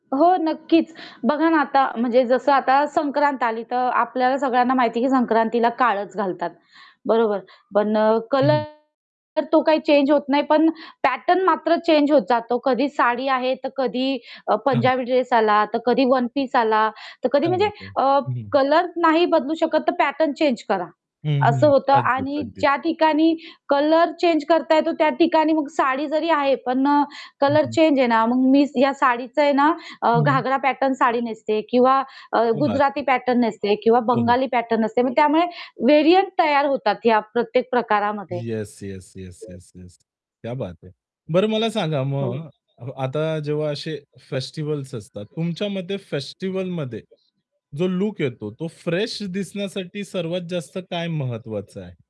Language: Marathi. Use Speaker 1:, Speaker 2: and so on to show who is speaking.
Speaker 1: हो नक्कीच. बघा ना आता म्हणजे जसं आता संक्रांत आली, तर आपल्याला सगळ्यांना माहिती आहे की संक्रांतीला काळंच घालतात. बरोबर. पण
Speaker 2: हं,
Speaker 1: कलर
Speaker 2: हं.
Speaker 1: तर तो काही चेंज होत नाही पण पॅटर्न मात्र चेंज होत जातो. कधी साडी आहे, तर कधी अ,
Speaker 2: हां, हां.
Speaker 1: पंजाबी ड्रेस आला, तर कधी वन पीस आला, तर कधी
Speaker 2: क्या
Speaker 1: म्हणजे
Speaker 2: बात है!
Speaker 1: अ,
Speaker 2: हं, हं.
Speaker 1: कलर नाही बदलू शकत तर पॅटर्न चेंज करा.
Speaker 2: हं,
Speaker 1: असं
Speaker 2: हं.
Speaker 1: होतं
Speaker 2: अगदीच,
Speaker 1: आणि
Speaker 2: अगदीच.
Speaker 1: ज्या ठिकाणी कलर चेंज करता येतो, त्या ठिकाणी मग साडी जरी आहे, पण अ,
Speaker 2: हं,
Speaker 1: कलर
Speaker 2: हं.
Speaker 1: चेंज आहे ना. मग मी या साडीचं आहे ना अ,
Speaker 2: हं, हं.
Speaker 1: घागरा पॅटर्न साडी नेसते किंवा अ,
Speaker 2: क्या बात
Speaker 1: गुजराती
Speaker 2: है.
Speaker 1: पॅटर्न नेसते किंवा
Speaker 2: हो, हो.
Speaker 1: बंगाली पॅटर्न नेसते. मग त्यामुळे व्हेरियंट तयार होतात या प्रत्येक प्रकारामध्ये.
Speaker 2: Yes, yes, yes, yes, yes, क्या बात है. बरं मला सांगा
Speaker 1: हो.
Speaker 2: मग, आता जेव्हा असे फेस्टिव्हल्स असतात. तुमच्या मते फेस्टिव्हलमध्ये जो लूक येतो तो फ्रेश दिसण्यासाठी सर्वात जास्त काय महत्वाचं आहे?